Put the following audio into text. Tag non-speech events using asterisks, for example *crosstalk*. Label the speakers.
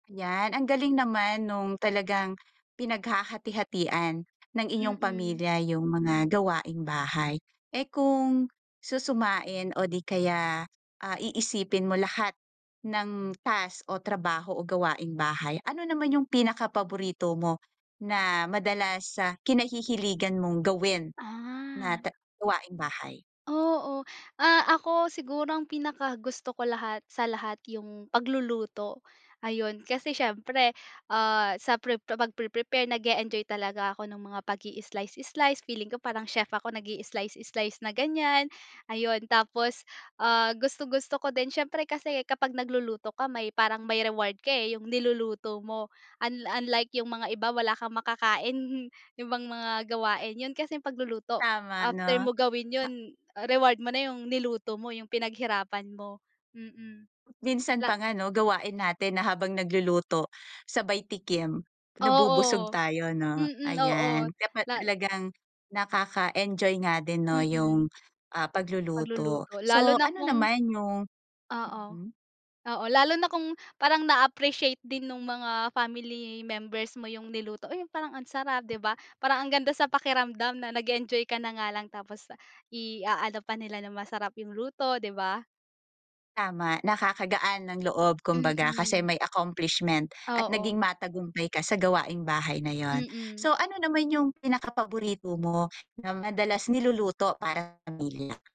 Speaker 1: 'Yan, ang galing naman nung talagang pinaghahati-hatian ng inyong
Speaker 2: Mm.
Speaker 1: pamilya yung mga gawaing bahay. Eh, kung susumain o di kaya, ah, iisipin mo lahat ng task o trabaho o gawaing bahay, ano naman yung pinaka paborito mo na madalas sa kinahihiligan mong gawin na
Speaker 2: Ah.
Speaker 1: ta gawaing bahay?
Speaker 2: Oo. Ah, ako, siguro, ang pinakagusto ko lahat sa lahat, yung pagluluto. Ayun, kasi siyempre, ah, sa pre pagpre-prepare nag-e-enjoy talaga ako ng mga pag-i-slice, slice. Feeling ko parang chef ako nag-i slice, slice na ganyan, ayun. Tapos, ah, gustong-gusto ko din siyempre kasi kapag nagluluto ka may parang may reward ka, eh, yung niluluto mo. Un unlike yung mga iba, wala kang makakain, *chuckles* yung ibang mga gawain. Yun kasing pagluluto,
Speaker 1: Tama,
Speaker 2: after
Speaker 1: 'no?
Speaker 2: mo gawin
Speaker 1: Pa
Speaker 2: yun, reward mo na yung niluto mo, yung pinaghirapan, mo, mm.
Speaker 1: Minsan
Speaker 2: Pla
Speaker 1: pa nga, 'no, gawain natin na habang nagluluto sabay tikim, nabubusog
Speaker 2: Oo,
Speaker 1: tayo, 'no,
Speaker 2: mm,
Speaker 1: ayan.
Speaker 2: oo.
Speaker 1: Kapa
Speaker 2: La
Speaker 1: talagang nakaka-enjoy nga din, 'no, yung,
Speaker 2: Mm.
Speaker 1: ah, pagluluto.
Speaker 2: Pagluluto. Lalo
Speaker 1: So,
Speaker 2: na
Speaker 1: ano
Speaker 2: kung
Speaker 1: naman yung
Speaker 2: Oo,
Speaker 1: mm.
Speaker 2: oo. Lalo na kung parang na-appreciate din nung mga family members mo yung niluto, "Oh, yung parang ang sarap," 'di ba. Parang ang ganda sa pakiramdam na nag-enjoy ka na nga lang tapos i-aano pa nila na masarap yung luto, 'di ba?
Speaker 1: Tama. Nakakagaan ng loob kumbaga, kasi
Speaker 2: Mm.
Speaker 1: may accomplishment at naging
Speaker 2: Oo.
Speaker 1: matagumpay ka sa gawaing bahay na 'yon.
Speaker 2: Mm.
Speaker 1: So, ano naman yung pinaka paborito mo na madalas niluluto para pamilya?